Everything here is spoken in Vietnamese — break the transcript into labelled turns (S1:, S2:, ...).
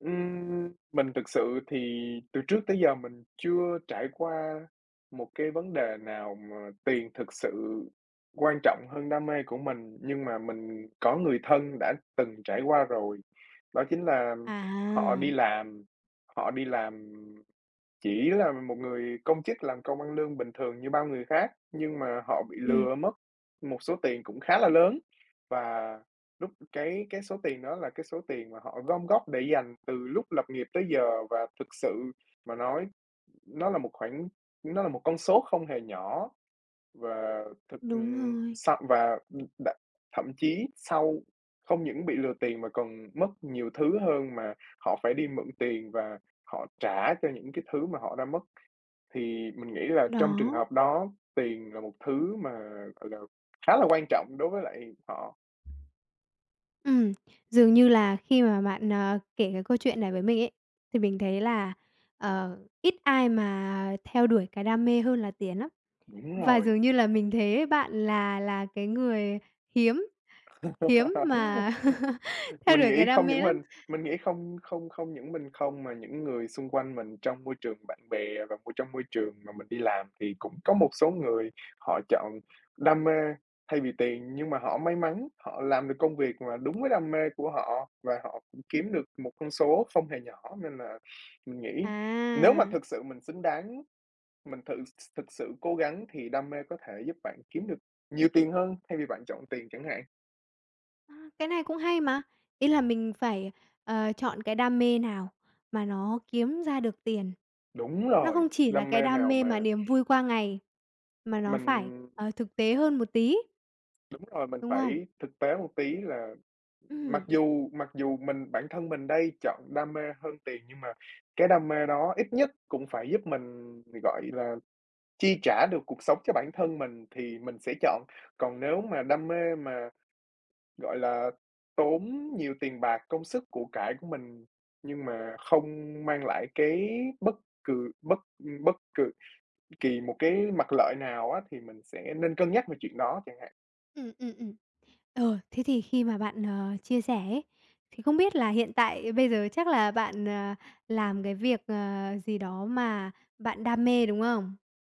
S1: Ừm, mình thực sự thì từ trước tới giờ mình chưa trải qua một cái vấn đề nào mà tiền thực sự quan trọng hơn đam mê của mình, nhưng mà mình có người thân đã từng trải qua rồi. Đó chính là họ đi
S2: À.
S1: làm họ đi làm, chỉ là một người công chức làm công ăn lương bình thường như bao người khác, nhưng mà họ bị
S2: Ừm.
S1: lừa mất một số tiền cũng khá là lớn, và lúc cái cái số tiền đó là cái số tiền mà họ gom góp để dành từ lúc lập nghiệp tới giờ và thực sự mà nói nó là một khoản nó là một con số không hề nhỏ. Và thực,
S2: Đúng
S1: ừm
S2: rồi.
S1: sau và, ừm đ thậm chí sau không những bị lừa tiền mà còn mất nhiều thứ hơn mà họ phải đi mượn tiền và họ trả cho những cái thứ mà họ đã mất. Thì mình nghĩ là trong trường
S2: Đó.
S1: hợp đó tiền là một thứ mà, gọi là, khá là quan trọng đối với lại họ.
S2: Ừm, dường như là khi mà bạn, à, kể cái câu chuyện này với mình ấy, thì mình thấy là, ờ, ít ai mà theo đuổi cái đam mê hơn là tiền lắm.
S1: Đúng
S2: Và
S1: rồi.
S2: dường như là mình thấy bạn là là cái người hiếm hiếm mà theo
S1: Mình
S2: đuổi
S1: nghĩ
S2: cái đam
S1: không
S2: mê
S1: những
S2: lắm.
S1: mình mình nghĩ không không không những mình không mà những người xung quanh mình trong môi trường bạn bè và môi trong môi trường mà mình đi làm thì cũng có một số người họ chọn đam mê thay vì tiền. Nhưng mà họ may mắn, họ làm được công việc mà đúng với đam mê của họ và họ cũng kiếm được một con số không hề nhỏ, nên là mình nghĩ nếu mà
S2: À!
S1: thực sự mình xứng đáng, mình tự th thực sự cố gắng thì đam mê có thể giúp bạn kiếm được nhiều tiền hơn thay vì bạn chọn tiền chẳng hạn.
S2: A, cái này cũng hay mà. Ý là mình phải, ờ, chọn cái đam mê nào mà nó kiếm ra được tiền,
S1: Đúng
S2: nó
S1: rồi!
S2: không chỉ là
S1: Đam
S2: cái
S1: mê
S2: đam
S1: nào
S2: mê mà
S1: mà
S2: niềm vui qua ngày, mà nó phải,
S1: Mình
S2: ờ, thực tế hơn một tí.
S1: Đúng rồi, mình
S2: Đúng không?
S1: phải thực tế một tí là mặc
S2: Ừm.
S1: dù mặc dù mình bản thân mình đây chọn đam mê hơn tiền nhưng mà cái đam mê đó ít nhất cũng phải giúp mình, gọi là, chi trả được cuộc sống cho bản thân mình thì mình sẽ chọn. Còn nếu mà đam mê mà, gọi là, tốn nhiều tiền bạc, công sức của cải của mình nhưng mà không mang lại cái bất cừ bất, ừm, bất cừ kỳ một cái mặt lợi nào á thì mình sẽ nên cân nhắc về chuyện đó chẳng hạn.
S2: Ừm, ừm, ừm. Ờ, thế thì khi mà bạn, ờ, chia sẻ ấy, thì không biết là hiện tại bây giờ chắc là bạn, à, làm cái việc, ờ, gì đó mà bạn đam mê, đúng không?